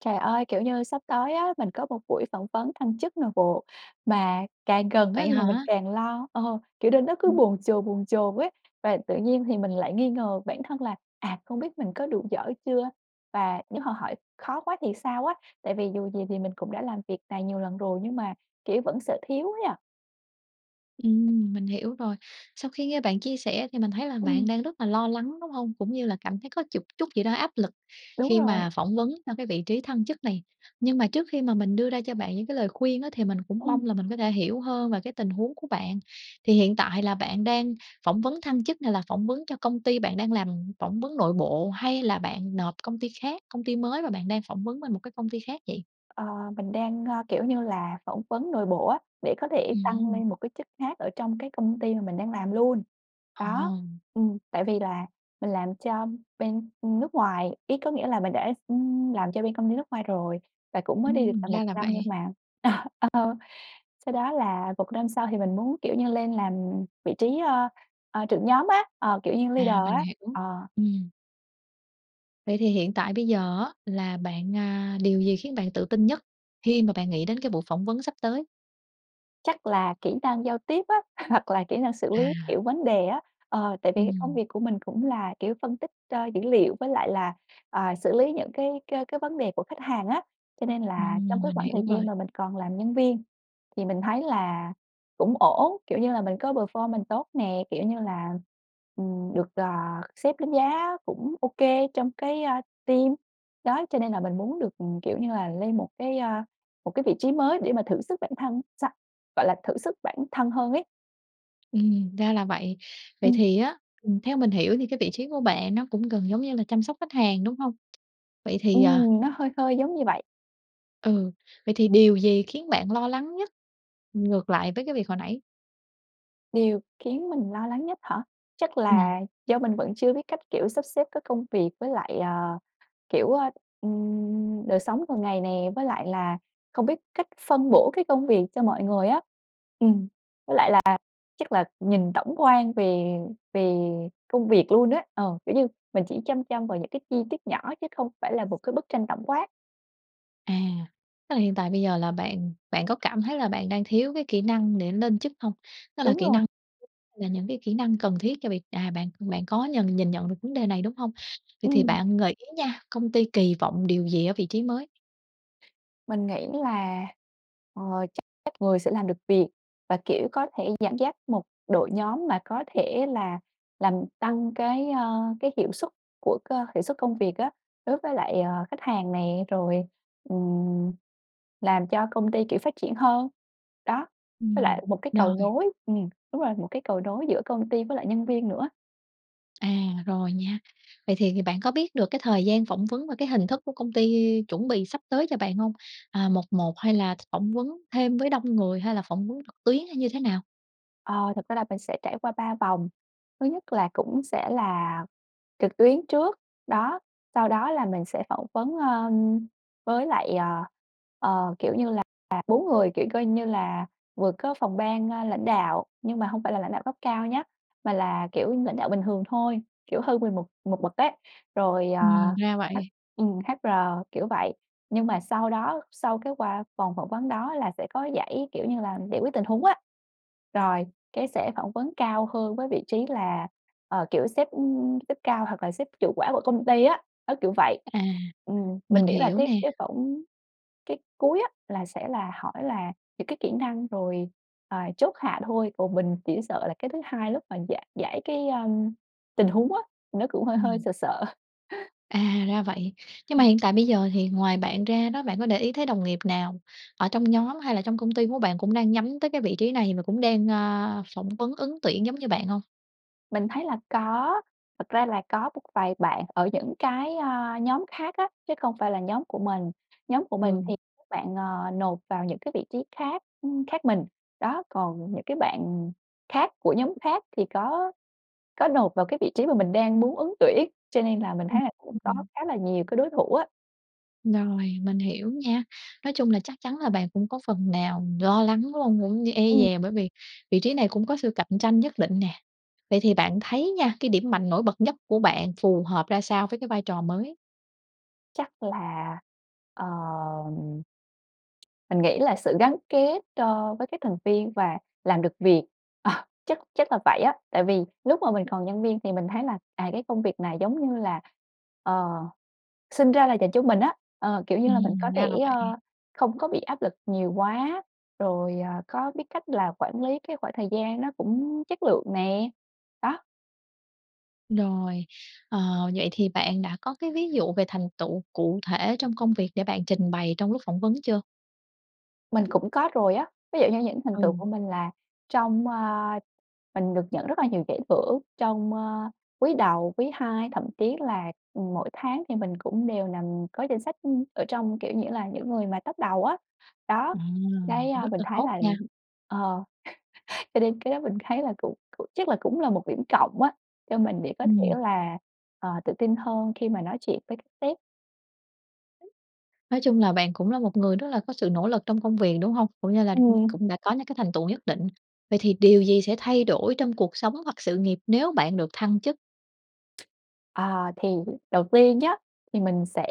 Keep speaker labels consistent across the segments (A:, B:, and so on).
A: Trời ơi, kiểu như sắp tới á, mình có một buổi phỏng vấn thăng chức nội bộ, mà càng gần á
B: Vậy
A: là mình
B: hả?
A: càng lo ờ, kiểu nên nó cứ
B: Ừm.
A: bồn chồn, bồn chồn ấy. Và tự nhiên thì mình lại nghi ngờ bản thân là: "À, không biết mình có đủ giỏi chưa và nếu họ hỏi khó quá thì sao á?" Tại vì dù gì thì mình cũng đã làm việc này nhiều lần rồi nhưng mà kiểu vẫn sợ thiếu ấy ạ.
B: Ừm, mình hiểu rồi. Sau khi nghe bạn chia sẻ thì mình thấy là bạn
A: Ừm.
B: đang rất là lo lắng đúng hông? Cũng như là cảm thấy có chục chút gì đó áp lực
A: Đúng
B: khi
A: rồi.
B: mà phỏng vấn trong cái vị trí thăng chức này. Nhưng mà trước khi mà mình đưa ra cho bạn những cái lời khuyên á, thì mình cũng
A: Ừm.
B: mong là mình có thể hiểu hơn về cái tình huống của bạn. Thì hiện tại là bạn đang phỏng vấn thăng chức này là phỏng vấn cho công ty bạn đang làm, phỏng vấn nội bộ hay là bạn nộp công ty khác, công ty mới và bạn đang phỏng vấn bên một cái công ty khác vậy?
A: Ờ, mình đang, ơ, kiểu như là, phỏng vấn nội bộ á, để có thể tăng
B: Ừm.
A: lên một cái chức khác ở trong cái công ty mà mình đang làm luôn.
B: Ờ.
A: Đó. Ừm, tại vì là mình làm cho bên nước ngoài ấy, có nghĩa là mình đã ưm, làm cho bên công ty nước ngoài rồi và cũng mới đi được
B: Ừm,
A: là 1
B: ra là
A: năm nhưng
B: vậy.
A: mà ờ, sau đó là 1 năm sau thì mình muốn kiểu như lên làm vị trí ơ, ờ, trưởng nhóm á, ờ, kiểu như leader
B: À, mình
A: á.
B: hiểu.
A: Ờ.
B: Ừm. Vậy thì hiện tại bây giờ á, là bạn a, điều gì khiến bạn tự tin nhất khi mà bạn nghĩ đến cái buổi phỏng vấn sắp tới?
A: Chắc là kỹ năng giao tiếp á, hoặc là kỹ năng xử
B: À.
A: lý, kiểu, vấn đề á, ờ, tại vì cái công
B: Ừm.
A: việc của mình cũng là, kiểu, phân tích, a, dữ liệu với lại là, à, xử lý những cái cái cái vấn đề của khách hàng á, cho nên là trong
B: Ừm,
A: cái
B: mình
A: khoảng thời
B: hiểu
A: gian
B: rồi.
A: mà mình còn làm nhân viên thì mình thấy là cũng ổn, kiểu như là, mình có performance tốt nè, kiểu như là, ừm, được, ờ, sếp đánh giá cũng ô kê trong cái, a, team. Đó! Cho nên là mình muốn được, ừm, kiểu như là, lên một cái, a, một cái vị trí mới để mà thử sức bản thân xong gọi là thử sức bản thân hơn ấy.
B: Ừm, ra là vậy. Vậy
A: Ừm.
B: thì á, ừm, theo mình hiểu thì cái vị trí của bạn nó cũng gần giống như là chăm sóc khách hàng, đúng hông? Vậy thì, ờ
A: Ừm, nó hơi hơi giống như vậy.
B: ừ, vậy thì điều gì khiến bạn lo lắng nhất, ngược lại với cái việc hồi nãy?
A: Điều khiến mình lo lắng nhất hả? Chắc
B: Ừm.
A: là do mình vẫn chưa biết cách, kiểu, sắp xếp các công việc với lại, à, kiểu, ừm, đời sống thường ngày nè, với lại là không biết cách phân bổ cái công việc cho mọi người á. Ừm, với lại là chắc là nhìn tổng quan về về công việc luôn á, ừ, kiểu như mình chỉ chăm chăm vào những cái chi tiết nhỏ chứ không phải là một cái bức tranh tổng quát.
B: À, tức là hiện tại bây giờ là bạn bạn có cảm thấy là bạn đang thiếu cái kỹ năng để lên chức hông? Đó là
A: Đúng
B: kĩ
A: rồi.
B: năng là những cái kỹ năng cần thiết cho việc à, bạn bạn có nhần nhìn nhận được vấn đề này, đúng hông? Vậy thì
A: Ừm.
B: bạn gợi ý nha, công ty kỳ vọng điều gì ở vị trí mới?
A: Mình nghĩ là, ờ, chắc chắc người sẽ làm được việc và kiểu có thể dẫn dắt một đội nhóm mà có thể là làm tăng cái, ơ, cái hiệu suất của cơ hiệu suất công việc á đối với lại, ờ, khách hàng nè, rồi, ừm, làm cho công ty, kiểu, phát triển hơn, đó, với
B: Ừm,
A: lại một cái cầu
B: rồi.
A: nối ừm, đúng rồi, một cái cầu nối giữa công ty với lại nhân viên nữa.
B: À, rồi nha. Vậy thì bạn có biết được cái thời gian phỏng vấn và cái hình thức của công ty chuẩn bị sắp tới cho bạn hông? À, một một hay là phỏng vấn thêm với đông người hay là phỏng vấn trực tuyến hay như thế nào?
A: Ờ, thực ra là mình sẽ trải qua 3 vòng, thứ nhất là cũng sẽ là trực tuyến trước, đó, sau đó là mình sẽ phỏng vấn, ơm, với lại, à, ờ, kiểu như là 4 người. Kiểu, coi như là, vừa có phòng ban, a, lãnh đạo, nhưng mà hông phải là lãnh đạo cấp cao nhá, mà là, kiểu, lãnh đạo bình thường thôi, kiểu, hơn mình một một bậc đấy, rồi, ờ,
B: Ừm, ra
A: hắc
B: vậy.
A: ừm, HR, kiểu vậy. Nhưng mà sau đó sau cái qua vòng phỏng vấn đó là sẽ có giải kiểu như là giải quyết tình huống á, rồi cái sẽ phỏng vấn cao hơn với vị trí là, ờ, kiểu sếp, ừm, sếp cao hoặc là sếp chủ quản của công ty á, đó, kiểu vậy.
B: À,
A: Ừm, mình
B: mình
A: nghĩ là
B: hiểu
A: cái
B: nè.
A: cái phổng cái cuối á, là sẽ là hỏi là những cái kỹ năng, rồi, à, chốt hạ thôi, còn mình chỉ sợ là cái thứ hai lúc mà giải giải cái, a, tình huống á, nó cũng hơi hơi
B: Ừm.
A: sợ sợ.
B: À, ra vậy. Nhưng mà
A: Ừm.
B: hiện tại bây giờ thì ngoài bạn ra đó, bạn có để ý thấy đồng nghiệp nào ở trong nhóm hay là trong công ty của bạn cũng đang nhắm tới cái vị trí này và cũng đang, a, phỏng vấn ứng tuyển giống như bạn hông?
A: Mình thấy là có! Thực ra là có một vài bạn ở những cái, ơ, nhóm khác á chứ không phải là nhóm của mình, nhóm của mình thì
B: Ừ.
A: các bạn, ờ, nộp vào những cái vị trí khác, ưm, khác mình, đó. Còn những cái bạn khác của nhóm khác thì có có nộp vào cái vị trí mà mình đang muốn ứng tuyển. Cho nên là mình
B: Ừm.
A: thấy là cũng
B: Ừm,
A: có
B: ừm.
A: khá là nhiều cái đối thủ á.
B: Rồi, mình hiểu nha, nói chung là chắc chắn là bạn cũng có phần nào lo lắng, đúng hông? Cũng như e
A: Ừm.
B: dè bởi vì vị trí này cũng có sự cạnh tranh nhất định nè. Vậy thì bạn thấy nha, cái điểm mạnh nổi bật nhất của bạn phù hợp ra sao với cái vai trò mới?
A: Chắc là, ờm, mình nghĩ là sự gắn kết, ơ, với các thành viên và làm được việc, ờ, chắc chắc là vậy á. Tại vì lúc mà mình còn nhân viên thì mình thấy là, à, cái công việc này giống như là, ờ, sinh ra là dành cho mình á, ờ, kiểu như là mình có
B: Ừm, ra
A: thể,
B: là
A: ơ,
B: vậy.
A: không có bị áp lực nhiều quá, rồi, à, có biết cách là quản lí cái khoảng thời gian nó cũng chất lượng nè, đó.
B: Rồi. Ờ, vậy thì bạn đã có cái ví dụ về thành tựu cụ thể trong công việc để bạn trình bày trong lúc phỏng vấn chưa?
A: Mình cũng có rồi á. Ví dụ như những thành tựu
B: Ừ.
A: của mình là trong, ơ mình được nhận rất là nhiều giải thưởng trong, ơ, quý đầu, quý hai, thậm chí là, ừm, mỗi tháng thì mình cũng đều nằm có danh sách ở trong, kiểu nghĩa là những người mà top đầu á, đó.
B: À,
A: Cái, ơ,
B: rất
A: mình
B: là
A: thấy
B: tốt
A: là
B: nha!
A: ờ, cho nên cái đó mình thấy là cũng cũng chắc là cũng là một điểm cộng á, cho mình để có thể
B: Ừm.
A: là, ờ, tự tin hơn khi mà nói chuyện với các sếp.
B: [unintelligible] Nói chung là bạn cũng là một người rất là có sự nỗ lực trong công việc, đúng hông? Cũng như là cũng
A: Ừm.
B: cũng đã có những cái thành tựu nhất định. Vậy thì điều gì sẽ thay đổi trong cuộc sống hoặc sự nghiệp nếu bạn được thăng chức?
A: Ờ, thì đầu tiên nhá, thì mình sẽ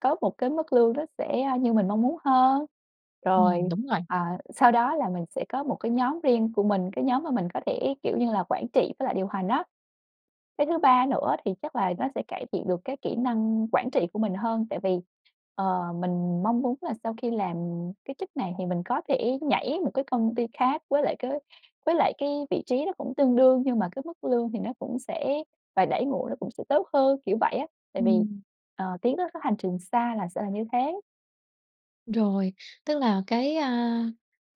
A: có một cái mức lương nó sẽ như mình mong muốn hơn.
B: Ừm,
A: Rồi,
B: đúng rồi.
A: à, sau đó là mình sẽ có một cái nhóm riêng của mình, cái nhóm mà mình có thể, kiểu như là, quản trị với lại điều hành á. Cái thứ ba nữa thì chắc là nó sẽ cải thiện được cái kỹ năng quản trị của mình hơn. Tại vì, ờ, mình mong muốn là sau khi làm cái chức này thì mình có thể nhảy một cái công ty khác với lại cái với lại cái vị trí nó cũng tương đương nhưng mà cái mức lương thì nó cũng sẽ và đãi ngộ nó cũng sẽ tốt hơn, kiểu vậy á. Tại vì,
B: Ừm.
A: ờ, tiến tới cái hành trình xa là sẽ là như thế.
B: Rồi, tức là cái, a,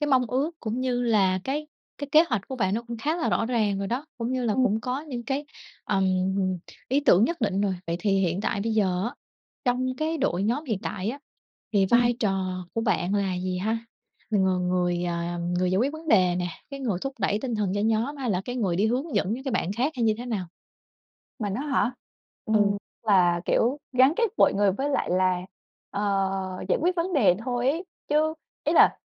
B: cái mong ước cũng như là cái cái kế hoạch của bạn nó cũng khá là rõ ràng rồi đó, cũng như là
A: Ừm.
B: cũng có những cái, ừm, ý tưởng nhất định rồi. Vậy thì hiện tại bây giờ á, trong cái đội nhóm hiện tại á, thì
A: Ừm.
B: vai trò của bạn là gì ha? Mình là người, ờ, người giải quyết vấn đề nè, cái người thúc đẩy tinh thần cho nhóm hay là cái người đi hướng dẫn những cái bạn khác hay như thế nào?
A: Mình á hả?
B: Ừ.
A: Ừm, là kiểu gắn kết mọi người với lại là, ờ, giải quyết vấn đề thôi ấy, chứ ý là,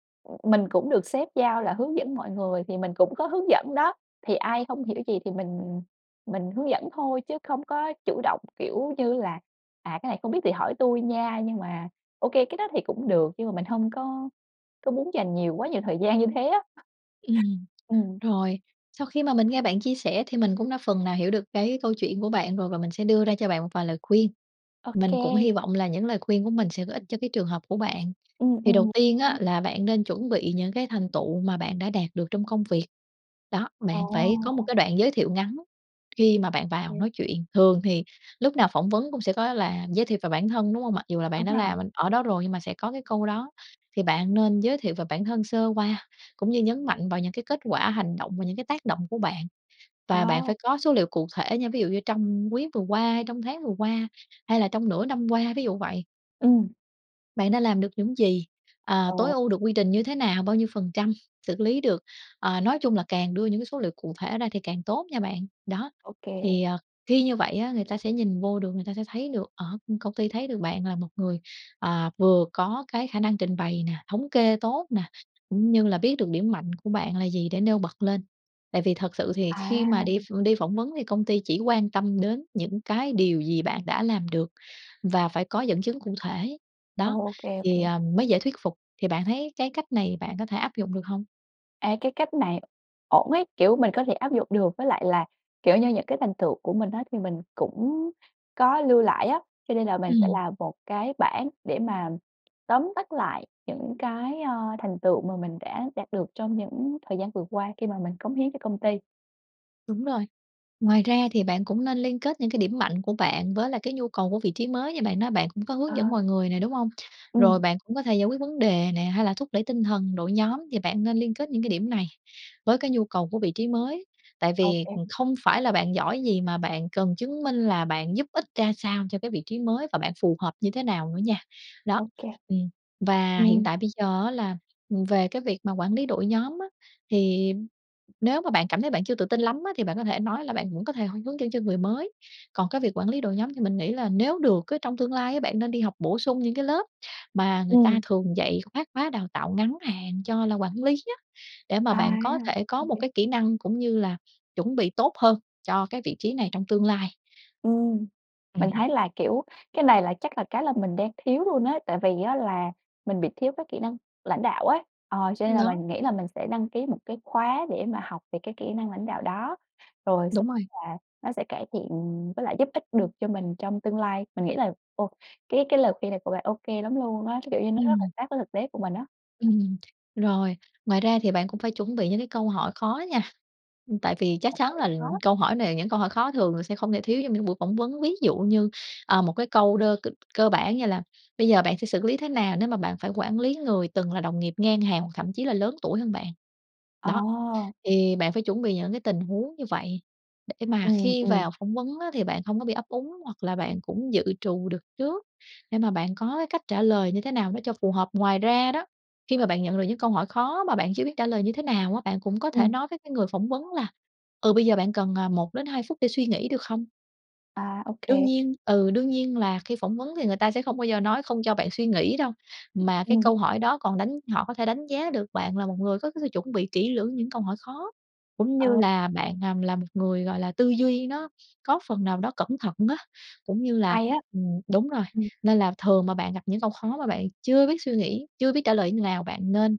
A: mình cũng được sếp giao là hướng dẫn mọi người thì mình cũng có hướng dẫn đó. Thì ai không hiểu gì thì mình mình hướng dẫn thôi chứ không có chủ động, kiểu như là "À, cái này không biết thì hỏi tui nha!" Nhưng mà ô kê cái đó thì cũng được. Nhưng mà mình hông có có muốn dành nhiều quá nhiều thời gian như thế á.
B: Ừm.
A: Ừm.
B: Rồi, sau khi mà mình nghe bạn chia sẻ thì mình cũng đã phần nào hiểu được cái câu chuyện của bạn rồi và mình sẽ đưa ra cho bạn một vài lời khuyên,
A: Ô
B: mình cũng
A: kê.
B: hi vọng là những lời khuyên của mình sẽ có ích cho cái trường hợp của bạn.
A: Ừm,
B: Thì đầu
A: ừm.
B: tiên á,
A: [unintelligible]
B: là bạn nên chuẩn bị những cái thành tựu mà bạn đã đạt được trong công việc. Đó,
A: Ồ.
B: bạn phải có một cái đoạn giới thiệu ngắn khi mà bạn
A: Ô
B: vào
A: kê.
B: nói chuyện, thường thì lúc nào phỏng vấn cũng sẽ có là giới thiệu về bản thân, đúng hông? Mặc dù là bạn
A: Đúng
B: đã
A: rồi.
B: làm bên ở đó rồi nhưng mà sẽ có cái câu đó. Thì bạn nên giới thiệu về bản thân sơ qua, cũng như nhấn mạnh vào những cái kết quả, hành động và những cái tác động của bạn và bạn
A: Ồ.
B: phải có số liệu cụ thể nha, ví dụ như trong quý vừa qua, hay trong tháng vừa qua, hay là trong nửa năm qua, ví dụ vậy.
A: Ừm.
B: Bạn đã làm được những gì? À, tối
A: Ồ.
B: ưu được quy trình như thế nào? Bao nhiêu phần trăm xử lý được? Ờ, nói chung là càng đưa những cái số liệu cụ thể ra thì càng tốt nha bạn. Đó,
A: Ô kê.
B: thì, ờ, khi như vậy á, người ta sẽ nhìn vô được, người ta sẽ thấy được ở ưm, công ty thấy được bạn là một người, à, vừa có cái khả năng trình bày nè, thống kê tốt nè, cũng như là biết được điểm mạnh của bạn là gì để nêu bật lên. Tại vì thật sự thì khi mà đi
A: À!
B: ph đi phỏng vấn thì công ty chỉ quan tâm đến những cái điều gì bạn đã làm được và phải có dẫn chứng cụ thể.
A: Ồ,
B: Đó,
A: ô kê, ô
B: thì,
A: kê.
B: ờ, mới dễ thuyết phục. Thì bạn thấy cái cách này bạn có thể áp dụng được hông?
A: Ê, cái cách này ổn ấy, kiểu, mình có thể áp dụng được. Với lại là, kiểu như, những cái thành tựu của mình á, thì mình cũng có lưu lại á. Cho nên là mình sẽ
B: Ừm.
A: làm một cái bảng để mà tóm tắt lại những cái, ơ, thành tựu mà mình đã đạt được trong những thời gian vừa qua khi mà mình cống hiến cho công ty.
B: Đúng rồi. Ngoài ra thì bạn cũng nên liên kết những cái điểm mạnh của bạn với lại cái nhu cầu của vị trí mới, như bạn nói bạn cũng có hướng dẫn
A: Ờ.
B: mọi người nè, đúng hông? Rồi
A: Ừm.
B: bạn cũng có thể giải quyết vấn đề nè, hay là thúc đẩy tinh thần đội nhóm. Thì bạn nên liên kết những cái điểm này với cái nhu cầu của vị trí mới. Tại
A: Ô
B: vì,
A: kê.
B: ừm, không phải là bạn giỏi gì mà bạn cần chứng minh là bạn giúp ích ra sao cho cái vị trí mới và bạn phù hợp như thế nào nữa nha. Đó,
A: Ô kê.
B: ừm, và hiện
A: Ừm.
B: tại bây giờ á là, ừm, về cái việc mà quản lý đội nhóm á, thì nếu mà bạn cảm thấy bạn chưa tự tin lắm á thì bạn có thể nói là bạn vẫn có thể h hướng dẫn cho người mới. Còn cái việc quản lý đội nhóm thì mình nghĩ là nếu được á, trong tương lai á, bạn nên đi học bổ sung những cái lớp mà người ta
A: Ừm.
B: thường dạy khác khóa đào tạo ngắn hạn cho là quản lý á, để mà
A: À,
B: bạn có thể
A: ô
B: có một
A: kê.
B: cái kỹ năng cũng như là chuẩn bị tốt hơn cho cái vị trí này trong tương lai.
A: Ừm, mình
B: Ừm.
A: thấy là, kiểu, cái này là chắc là cái là mình đang thiếu luôn á, tại vì á là mình bị thiếu cái kỹ năng lãnh đạo ấy. Ờ, cho nên
B: Ừm,
A: là
B: đó.
A: mình nghĩ là mình sẽ đăng ký một cái khóa để mà học về cái kỹ năng lãnh đạo đó, rồi xe
B: Đúng rồi.
A: là nó sẽ cải thiện với lại giúp ích được cho mình trong tương lai. Mình nghĩ là ô cái cái lời khuyên này của bạn ô kê lắm luôn á, cái kiểu như nó rất là
B: Ừm.
A: sát với thực tế của mình á.
B: Ừm. Rồi, ngoài ra thì bạn cũng phải chuẩn bị những cái câu hỏi khó nha, ưm, tại vì chắc
A: Câu
B: chắn
A: hỏi
B: là
A: khó?
B: câu hỏi này những câu hỏi khó thường là sẽ không thể thiếu trong những buổi phỏng vấn. Ví dụ như, ờ, một cái câu đơ c cơ bản như là "Bây giờ bạn sẽ xử lý thế nào nếu mà bạn phải quản lý người từng là đồng nghiệp ngang hàng hoặc thậm chí là lớn tuổi hơn bạn?"
A: Ờ.
B: Đó, thì bạn phải chuẩn bị những cái tình huống như vậy, để mà
A: Ừm,
B: khi
A: ừm.
B: vào phỏng vấn á, thì bạn không có bị ấp úng hoặc là bạn cũng dự trù được trước để mà bạn có cái cách trả lời như thế nào đó cho phù hợp. Ngoài ra đó, khi mà bạn nhận được những câu hỏi khó mà bạn chưa biết trả lời như thế nào á, bạn cũng có thể
A: Ừm.
B: nói với cái người phỏng vấn là, ừ, bây giờ bạn cần, à, 1-2 phút để suy nghĩ được không?
A: À,
B: Đương
A: OK.
B: nhiên. Ừ, đương nhiên là khi phỏng vấn thì người ta sẽ không bao giờ nói không cho bạn suy nghĩ đâu, mà cái
A: Ừm.
B: câu hỏi đó còn đánh họ có thể đánh giá được bạn là một người có cái sự chuẩn bị kĩ lưỡng những câu hỏi khó, cũng như
A: Ờ.
B: là bạn, à, là một người, gọi là, tư duy nó có phần nào đó cẩn thận á, cũng như là
A: Hay á!
B: ừm, đúng rồi.
A: Ừm.
B: Nên là thường mà bạn gặp những câu khó mà bạn chưa biết suy nghĩ, chưa biết trả lời như nào bạn nên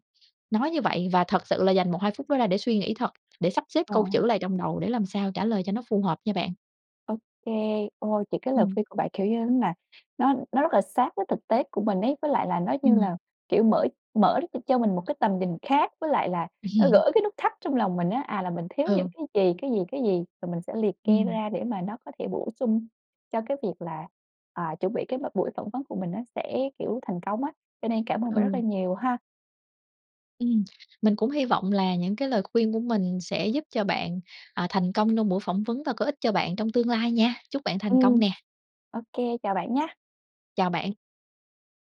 B: nói như vậy và thật sự là dành 1-2 phút đó ra để suy nghĩ thật, để sắp xếp
A: Ờ.
B: câu chữ lại trong đầu để làm sao trả lời cho nó phù hợp nha bạn.
A: Ô kê. Ôi, những cái lời
B: Ừm.
A: khuyên của bạn, kiểu như nó nà, nó nó rất là sát với thực tế của mình ấy, với lại là nó, như
B: Ừm.
A: là, kiểu, mở mở r cho mình một cái tầm nhìn khác với lại là nó gỡ cái nút thắt trong lòng mình á, à, là mình thiếu những
B: Ừ.
A: cái gì, cái gì, cái gì. Rồi mình sẽ liệt kê
B: Ừm.
A: ra để mà nó có thể bổ sung cho cái việc là, à, chuẩn bị cái m buổi phỏng vấn của mình nó sẽ, kiểu, thành công á, cho nên cảm ơn bạn rất là
B: Ừ.
A: nhiều ha!
B: Ừm, mình cũng hy vọng là những cái lời khuyên của mình sẽ giúp cho bạn, ờ, thành công trong buổi phỏng vấn và có ích cho bạn trong tương lai nha. Chúc bạn thành công
A: Ừm,
B: nè!
A: ô kê, chào bạn nhá!
B: Chào bạn!